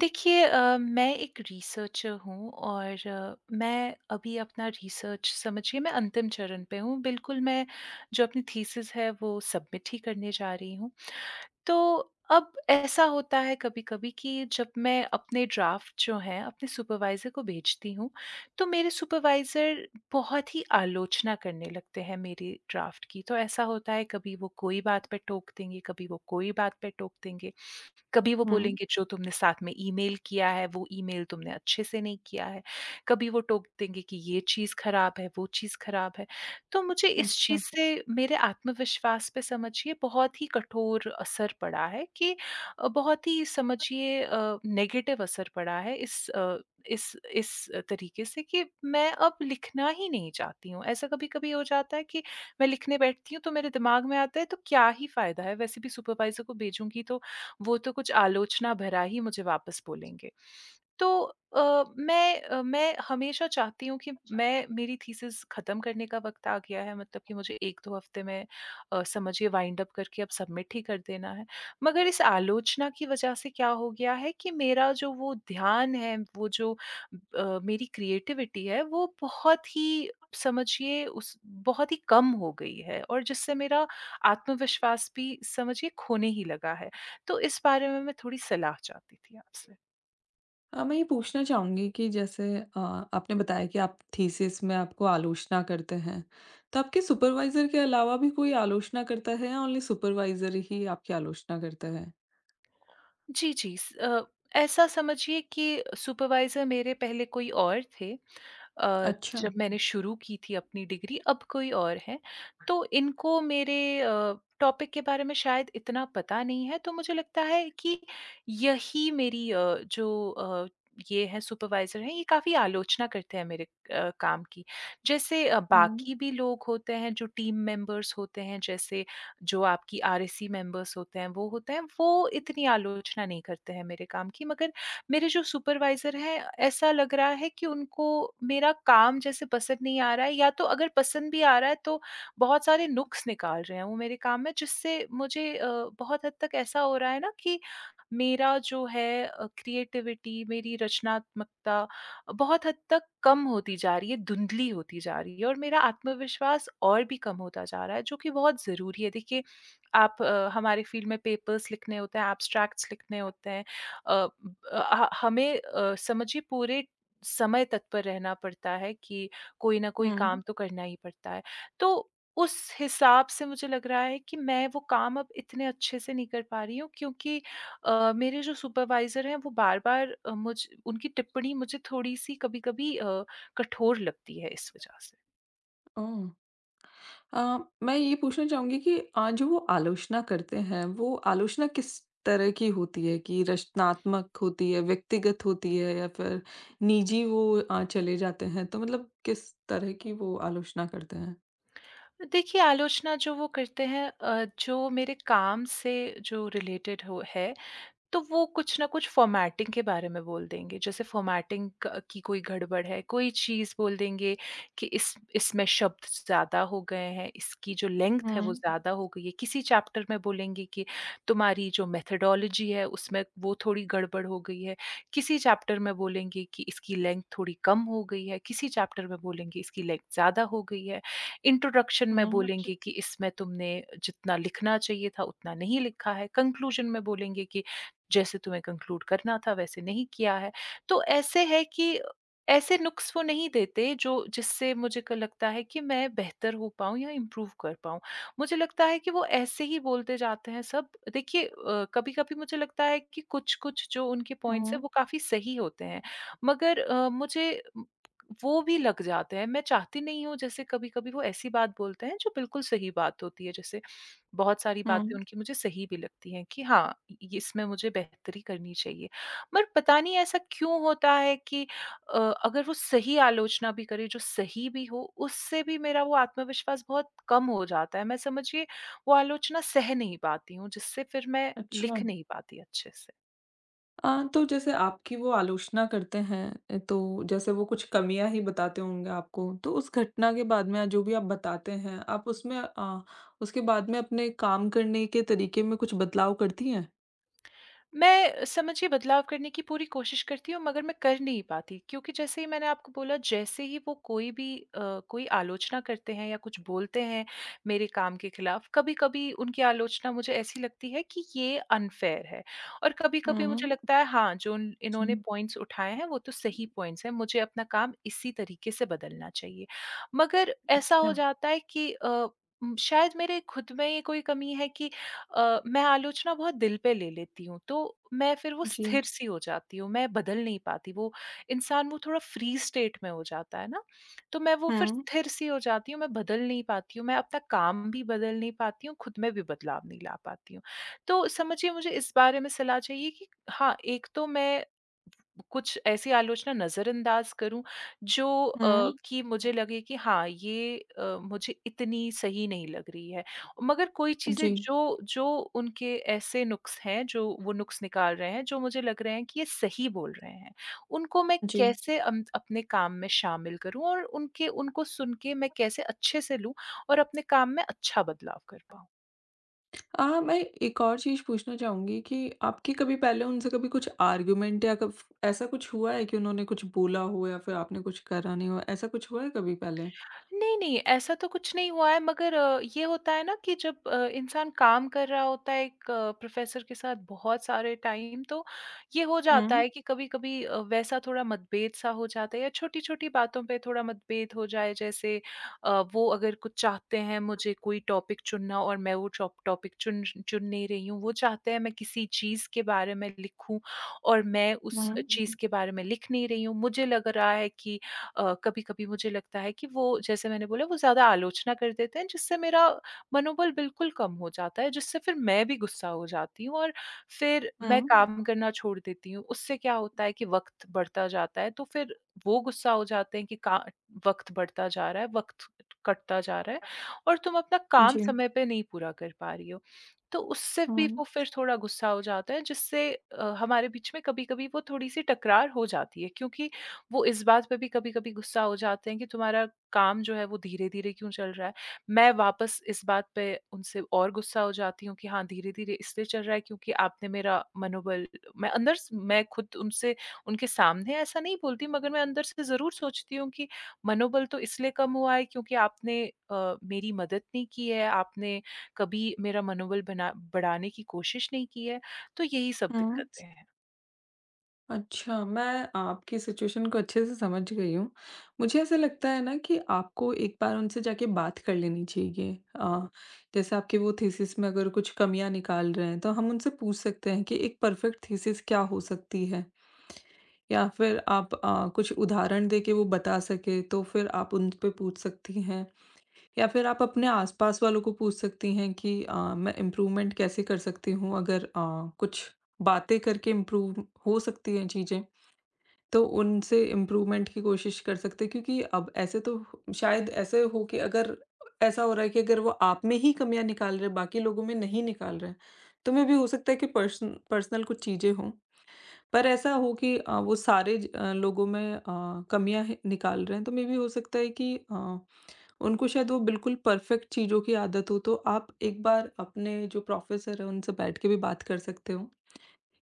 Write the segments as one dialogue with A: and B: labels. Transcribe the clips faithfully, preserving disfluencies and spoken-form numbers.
A: देखिए अ, मैं एक रिसर्चर हूँ और मैं अभी अपना रिसर्च समझिए मैं अंतिम चरण पे हूँ। बिल्कुल मैं जो अपनी थीसिस है वो सबमिट ही करने जा रही हूँ। तो अब ऐसा होता है कभी-कभी कि जब मैं अपने ड्राफ़्ट जो है अपने सुपरवाइज़र को भेजती हूँ। तो मेरे सुपरवाइज़र बहुत ही आलोचना करने लगते हैं मेरे ड्राफ़्ट की। तो ऐसा होता है कभी वो कोई बात पे टोक देंगे, कभी वो कोई बात पे टोक देंगे। कभी वो
B: हुँ।
A: बोलेंगे जो तुमने साथ में ईमेल किया है वो ईमेल तुमने अच्छे से नहीं किया है। कभी वो टोक देंगे कि ये चीज़ ख़राब है, वो चीज़ ख़राब है। तो मुझे इस
B: अच्छा।
A: चीज़ से मेरे आत्मविश्वास पे समझिए बहुत ही कठोर असर पड़ा है कि अ, बहुत ही समझिए अ, नेगेटिव असर पड़ा है इस अ, इस इस तरीक़े से कि मैं अब लिखना ही नहीं चाहती हूँ। ऐसा कभी-कभी हो जाता है कि मैं लिखने बैठती हूँ तो मेरे दिमाग में आता है तो क्या ही फ़ायदा है। वैसे भी सुपरवाइज़र को भेजूँगी तो वो तो कुछ आलोचना भरा ही मुझे वापस बोलेंगे। तो अ, मैं अ, मैं हमेशा चाहती हूँ कि
B: अच्छा।
A: मैं मेरी थीसिस ख़त्म करने का वक़्त आ गया है। मतलब कि मुझे एक दो हफ्ते में अ, समझिए वाइंड अप करके अब सबमिट ही कर देना है। मगर इस आलोचना की वजह से क्या हो गया है कि मेरा जो वो ध्यान है, वो जो ब अ, मेरी क्रिएटिविटी है। वो बहुत ही समझिए उस बहुत ही कम हो गई है और जिससे मेरा आत्मविश्वास भी समझिए खोने ही लगा है। तो इस बारे में मैं थोड़ी सलाह चाहती थी आपसे?
B: अ, मैं ये पूछना चाहूँगी कि जैसे अ, आपने बताया कि आप थीसिस में आपको आलोचना करते हैं। तो आपके सुपरवाइज़र के अलावा भी कोई आलोचना करता है या ओनली सुपरवाइज़र ही आपकी आलोचना करता हैं?
A: जी, जी। स अ, ऐसा समझिए कि सुपरवाइज़र मेरे पहले कोई और थे अ,
B: अच्छा।
A: जब मैंने शुरू की थी अपनी डिग्री अब कोई और है। तो इनको मेरे अ, टॉपिक के बारे में शायद इतना पता नहीं है। तो मुझे लगता है कि यही मेरी अ, जो अ, ये हैं सुपरवाइज़र हैं, ये काफ़ी आलोचना करते हैं मेरे अ, काम की। जैसे अ,
B: हुँ।
A: बाकी भी लोग होते हैं, जो टीम मेंबर्स होते हैं, जैसे जो आपकी आरएससी मेंबर्स होते हैं, वो होते हैं। वो इतनी आलोचना नहीं करते हैं मेरे काम की। मगर मेरे जो सुपरवाइज़र हैं ऐसा लग रहा है कि उनको मेरा काम जैसे पसंद नहीं आ रहा है। या तो अगर पसंद भी आ रहा है तो बहुत सारे नुक्स निकाल रहे हैं वो मेरे काम में। जिससे मुझे अ, बहुत हद तक ऐसा हो रहा है ना कि मेरा जो है अ, क्रिएटिविटी मेरी रचनात्मकता बहुत हद तक कम होती जा रही है, धुंधली होती जा रही है। और मेरा आत्मविश्वास और भी कम होता जा रहा है जो कि बहुत ज़रूरी है। देखिए, आप अ, हमारे फ़ील्ड में पेपर्स लिखने होते हैं, ऐब्स्ट्रैक्ट्स लिखने होते हैं। अ, ब अ अ, ह हमें अ, समझिए पूरे समय तक पर रहना पड़ता है कि कोई ना कोई काम
B: हुँ।
A: तो करना ही पड़ता है। तो उस हिसाब से मुझे लग रहा है कि मैं वो काम अब इतने अच्छे से नहीं कर पा रही हूँ। क्योंकि अ, मेरे जो सुपरवाइज़र हैं वो बार-बार अ, मुझ उनकी टिप्पणी मुझे थोड़ी सी कभी-कभी अ, कठोर लगती है इस वजह से।
B: ओह! अ, मैं ये पूछना चाहूँगी कि अ, जो वो आलोचना करते हैं। वो आलोचना किस तरह की होती है कि रचनात्मक होती है, व्यक्तिगत होती है या फ़िर निजी वो अ, चले जाते हैं? तो मतलब किस तरह की वो आलोचना करते हैं?
A: देखिए, आलोचना जो वो करते हैं अ, जो मेरे काम से जो रिलेटेड हो है। तो वो कुछ ना कुछ फॉर्मेटिंग के बारे में बोल देंगे। जैसे फॉर्मेटिंग क की कोई गड़बड़ है। कोई चीज़ बोल देंगे कि इस इसमें शब्द ज़्यादा हो गए हैं, इसकी जो लेंथ है वो
B: हुँ।
A: ज़्यादा हो गई है। किसी चैप्टर में बोलेंगे कि तुम्हारी जो मेथोडोलॉजी है उसमें वो थोड़ी गड़बड़ हो गई है। किसी चैप्टर में बोलेंगे कि इसकी लेंथ थोड़ी कम हो गई है। किसी चैप्टर में बोलेंगे इसकी लेंथ ज़्यादा हो गई है। इंट्रोडक्शन में
B: हुँ, जी।
A: बोलेंगे कि इसमें तुमने जितना लिखना चाहिए था उतना नहीं लिखा है। कन्क्लूज़न में बोलेंगे कि जैसे तुम्हें कन्क्लूड करना था वैसे नहीं किया है। तो ऐसे हैं कि ऐसे नुक्स वो नहीं देते जो जिससे मुझे लगता है कि मैं बेहतर हो पाऊँ या इम्प्रूव कर पाऊँ, मुझे लगता है कि वो ऐसे ही बोलते जाते हैं सब। देखिए अ, कभी-कभी मुझे लगता है कि कुछ-कुछ जो उनके पॉइंट्स हैं
B: हुँ।
A: वो काफ़ी सही होते हैं। मगर अ, मुझे म वो भी लग जाते हैं। मैं चाहती नहीं हूँ जैसे कभी-कभी वो ऐसी बात बोलते हैं जो बिल्कुल सही बात होती है। जैसे बहुत सारी बातें
B: हुँ।
A: उनकी मुझे सही भी लगती हैं कि हाँ, ये इसमें मुझे बेहतरी करनी चाहिए। पर पता नहीं ऐसा क्यों होता है कि अ, अगर वो सही आलोचना भी करें जो सही भी हो उससे भी मेरा वो आत्मविश्वास बहुत कम हो जाता है। मैं समझिए वो आलोचना सह नहीं पाती हूँ जिससे फ़िर मैं लिख
B: अच्छा।
A: नहीं पाती अच्छे से।
B: अ, तो जैसे आपकी वो आलोचना करते हैं अ, तो जैसे वो कुछ कमियाँ ही बताते होंगे आपको, तो उस घटना के बाद में जो भी आप बताते हैं आप उसमें अ, उसके बाद में अपने काम करने के तरीके में कुछ बदलाव करती हैं?
A: मैं, समझिए बदलाव करने की पूरी कोशिश करती हूँ मगर मैं कर नहीं पाती क्योंकि जैसे ही मैंने आपको बोला जैसे ही वो कोई भी अ, कोई आलोचना करते हैं या कुछ बोलते हैं मेरे काम के खिलाफ, कभी-कभी उनकी आलोचना मुझे ऐसी लगती है कि ये अनफेयर है। और
B: हुँ,
A: कभी-कभी मुझे
B: हुँ।
A: लगता है हाँ, जो उन इन्होंने
B: जी।
A: पॉइंट्स उठाए हैं वो तो सही पॉइंट्स हैं, मुझे अपना काम इसी तरीके से बदलना चाहिए। मगर ऐसा हो
B: अच्छा।
A: जाता है कि अ, उम, शायद मेरे खुद में ही कोई कमी है कि अ, मैं आलोचना बहुत दिल पे ले लेती हूँ तो, मैं फिर वो
B: जी।
A: स्थिर सी हो जाती हूँ, मैं बदल नहीं पाती, वो इंसान वो थोड़ा फ़्री स्टेट में हो जाता है ना। तो मैं वो फिर
B: हुँ।
A: स्थिर सी हो जाती हूँ, मैं बदल नहीं पाती हूँ, मैं अपना काम भी बदल नहीं पाती हूँ, खुद में भी बदलाव नहीं ला पाती हूँ। तो समझिए मुझे इस बारे में सलाह चाहिए कि हाँ, एक तो मैं कुछ ऐसी आलोचना नजरअंदाज करूँ, जो अ,
B: हुँ।
A: कि मुझे लगे कि हाँ, ये अ, मुझे इतनी सही नहीं लग रही है मगर कोई चीज़ें
B: जी।
A: जो जो उनके ऐसे नुक्स हैं जो वो नुक्स निकाल रहे हैं जो मुझे लग रहे हैं कि ये सही बोल रहे हैं। उनको मैं
B: जी।
A: कैसे अम, अपने काम में शामिल करूँ और उनके उनको सुनके मैं कैसे अच्छे से लूँ और अपने काम में अच्छा बदलाव कर पाऊँ?
B: अ, मैं एक और चीज़ पूछना चाहूँगी कि आपकी कभी पहले उनसे कभी कुछ आर्ग्युमेंट या कफ ऐसा कुछ हुआ है कि उन्होंने कुछ बोला हो या फिर आपने कुछ करा नहीं हो? ऐसा कुछ हुआ है कभी पहले?
A: नहीं, नहीं, ऐसा तो कुछ नहीं हुआ है मगर ये होता है ना कि जब अ, इंसान काम कर रहा होता है एक प्रोफ़ेसर के साथ बहुत सारे टाइम तो, ये हो जाता
B: हुँ।
A: है कि कभी-कभी अ, वैसा थोड़ा मतभेद-सा हो जाता है या छोटी-छोटी बातों पे थोड़ा मतभेद हो जाए जैसे अ, वो अगर कुछ चाहते हैं मुझे कोई टॉपिक चुनना और मैं वो चॉ टॉपिक चुन, चुन नहीं रही हूँ। वो चाहते हैं मैं किसी चीज़ के बारे में लिखूँ और मैं उस अ, चीज़
B: हुँ।
A: के बारे में लिख नहीं रही हूँ मुझे लग रहा है कि अ, कभी-कभी मुझे लगता है कि वो जैसे मैंने बोला, वो ज़्यादा आलोचना कर देते हैं जिससे मेरा मनोबल बिल्कुल कम हो जाता है, जिससे फिर मैं भी गुस्सा हो जाती हूँ और फिर मैं
B: हुँ।
A: काम करना छोड़ देती हूँ उससे क्या होता है कि वक़्त बढ़ता जाता है तो फिर वो गुस्सा हो जाते हैं कि का वक़्त बढ़ता जा रहा है, वक़्त कटता जा रहा है और तुम अपना काम
B: जी।
A: समय पे नहीं पूरा कर पा रही हो। तो उससे भी वो
B: हुँ।
A: फिर थोड़ा गुस्सा हो जाते हैं, जिससे अ, हमारे बीच में कभी-कभी वो थोड़ी-सी तकरार हो जाती है क्योंकि, वो इस बात पे भी कभी-कभी गुस्सा हो जाते हैं कि तुम्हारा काम जो है वो धीरे-धीरे क्यों चल रहा है, मैं वापस इस बात पे उनसे और गुस्सा हो जाती हूँ कि हाँ, धीरे-धीरे इसलिए चल रहा है क्योंकि आपने मेरा मनोबल मैं अंदर स मैं खुद उनसे उनके सामने ऐसा नहीं बोलती मगर मैं अंदर से ज़रूर सोचती हूँ कि मनोबल तो इसलिए कम हुआ है क्योंकि आपने अ, मेरी मदद नहीं की है आपने कभी मेरा मनोबल बना बढ़ाने की कोशिश नहीं की है। तो यही सब
B: हुँ।
A: दिक्कतें हैं।
B: अच्छा, मैं आपकी सिचुएशन को अच्छे से समझ गई हूँ, मुझे ऐसा लगता है ना कि आपको एक बार उनसे जाके बात कर लेनी चाहिए। अ, जैसे आपकी वो थीसिस में अगर कुछ कमियाँ निकाल रहे हैं। तो हम उनसे पूछ सकते हैं कि एक परफेक्ट थीसिस क्या हो सकती है। या फ़िर आप अ, कुछ उदाहरण देके वो बता सकें तो फ़िर आप उनपे पूछ सकती हैं। या फ़िर आप अपने आसपास वालों को पूछ सकती हैं कि अ, मैं इम्प्रूवमेंट कैसे कर सकती हूँ? अगर अ, कुछ बातें करके इम्प्रूव हो सकती हैं चीज़ें, तो उनसे इम्प्रूवमेंट की कोशिश कर सकते हैं। क्योंकि अब ऐसे तो शायद ऐसे हो कि अगर ऐसा हो रहा है कि अगर वो आप में ही कमियाँ निकाल रहे हैं, बाकी लोगों में नहीं निकाल रहे हैं। तो मेबी हो सकता है कि पर्सन पर्सनल कुछ चीज़ें हों। पर ऐसा हो कि अ, वो सारे अ, लोगों में अ, कमियाँ ही निकाल रहे हैं तो मेबी हो सकता है कि अ, उनको शायद वो बिल्कुल परफेक्ट चीज़ों की आदत हो। तो आप एक बार अपने जो प्रोफेसर हैं उनसे बैठ के भी बात कर सकते हो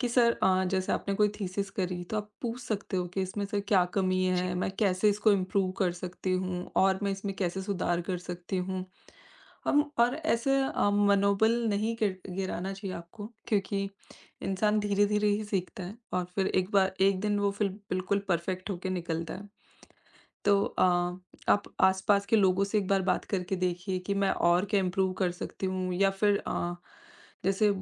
B: कि सर अ, जैसे आपने कोई थीसिस करी। तो आप पूछ सकते हो कि इसमें सर क्या कमी
A: जी।
B: है? मैं कैसे इसको इम्प्रूव कर सकती हूँ और मैं इसमें कैसे सुधार कर सकती हूँ? अम और ऐसे अ, मनोबल नहीं गिर गिराना चाहिए आपको, क्योंकि इंसान धीरे-धीरे ही सीखता है और फ़िर एक बार एक दिन वो फ़िर बिल्कुल परफेक्ट हो के निकलता है। तो अ, आप आसपास के लोगों से एक बार बात करके देखिए कि मैं और क्या इम्प्रूव कर सकती हूँ। या फ़िर अ, जैसे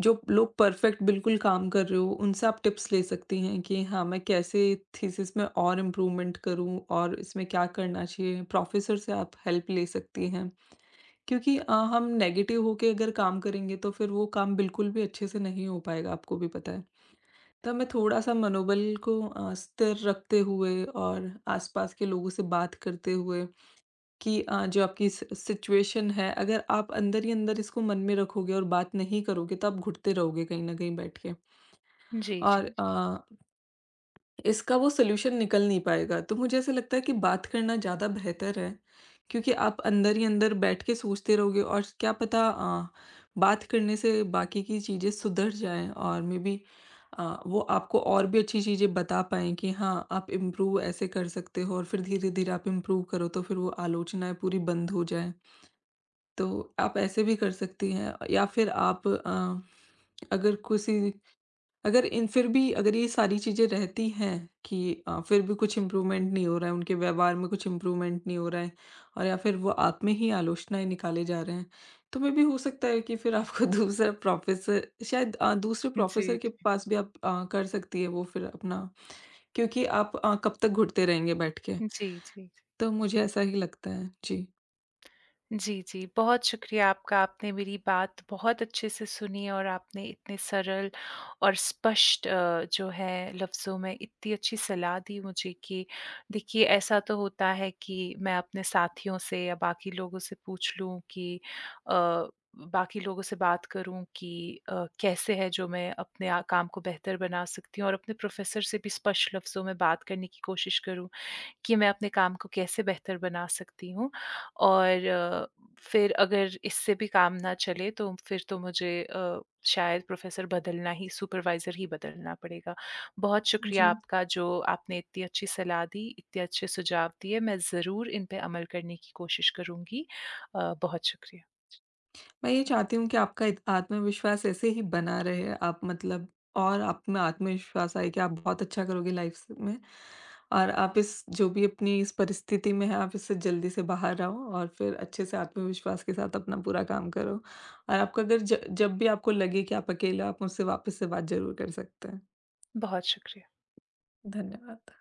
B: जो लोग परफेक्ट बिल्कुल काम कर रहे हो उनसे आप टिप्स ले सकती हैं कि हाँ, मैं कैसे थीसिस में और इम्प्रूवमेंट करूँ? और इसमें क्या करना चाहिए, प्रोफेसर से आप हेल्प ले सकती हैं। क्योंकि अ, हम नेगेटिव होके अगर काम करेंगे तो फ़िर वो काम बिल्कुल भी अच्छे से नहीं हो पाएगा, आपको भी पता है। तो मैं थोड़ा-सा मनोबल को अ, स्थिर रखते हुए और आसपास के लोगों से बात करते हुए कि अ, जो आपकी सि सिचुएशन है अगर आप अंदर ही अंदर इसको मन में रखोगे और बात नहीं करोगे। तो आप घुटते रहोगे कहीं ना कहीं बैठ के।
A: जी, जी,
B: और
A: जी।
B: अ ...इसका वो सॉल्यूशन निकल नहीं पाएगा, तो मुझे ऐसा लगता है कि बात करना ज़्यादा बेहतर है। क्योंकि आप अंदर ही अंदर बैठके सोचते रहोगे और क्या पता अ, बात करने से बाकी की चीज़ें सुधर जाएँ। और मेबी अ, वो आपको और भी अच्छी चीज़ें बता पाएँ कि हाँ, आप इम्प्रूव ऐसे कर सकते हो। और फ़िर धीरे-धीरे आप इम्प्रूव करो तो फ़िर वो आलोचनाएँ पूरी बंद हो जाएँ। तो आप ऐसे भी कर सकती हैं या फ़िर आप अ, अगर किसी अगर इन फ़िर भी अगर ये सारी चीज़ें रहती हैं कि अ, फ़िर भी कुछ इम्प्रूवमेंट नहीं हो रहा है, उनके व्यवहार में कुछ इम्प्रूवमेंट नहीं हो रहा है। और या फ़िर वो आप में ही आलोचनाएँ निकाले जा रहे हैं, तो मेबी हो सकता है कि फ़िर आपको दूसरा प्रोफेसर शायद अ, दूसरे
A: हुँ, जी,
B: प्रोफेसर के
A: जी।
B: पास भी आप अ, कर सकती हैं वो फ़िर अपना। क्योंकि आप अ, कब तक घुटते रहेंगे बैठ के?
A: जी, जी, जी।
B: तो मुझे ऐसा ही लगता है। जी।
A: जी, जी, बहुत शुक्रिया आपका। आपने मेरी बात बहुत अच्छे से सुनी और आपने इतने सरल और स्पष्ट अ, जो है लफ्जों में इत्ती अच्छी सलाह दी मुझे कि देखिए ऐसा तो होता है कि मैं अपने साथियों से या बाकी लोगों से पूछ लूँ कि अ, उ बाकी लोगों से बात करूँ कि अ, कैसे है जो मैं अपने अ, काम को बेहतर बना सकती हूँ और अपने प्रोफेसर से भी स्पष्ट लफ्जों में बात करने की कोशिश करूँ, कि मैं अपने काम को कैसे बेहतर बना सकती हूँ। और फिर अगर इससे भी काम ना चले तो फिर तो मुझे अ, शायद प्रोफेसर बदलना ही सुपरवाइजर ही बदलना पड़ेगा। बहुत शुक्रिया
B: जी।
A: आपका जो आपने इत्ती अच्छी सलाह दी, इत्ते अच्छे सुझाव दिए। मैं ज़रूर इन पे अमल करने की कोशिश करूँगी अ, बहुत शुक्रिया।
B: मैं ये चाहती हूँ कि आपका इत आत्मविश्वास ऐसे ही बना रहे आप मतलब और आप में आत्मविश्वास आए कि आप बहुत अच्छा करोगे लाइफ स में। और आप इस जो भी अपनी इस परिस्थिति में हैं, आप इससे जल्दी से बाहर आओ और फिर अच्छे से आत्मविश्वास के साथ अपना पूरा काम करो और आपका अगर ज जब भी आपको लगे कि आप अकेले हो, आप मुझसे वापस से बात ज़रूर कर सकते हैं।
A: बहुत शुक्रिया।
B: धन्यवाद।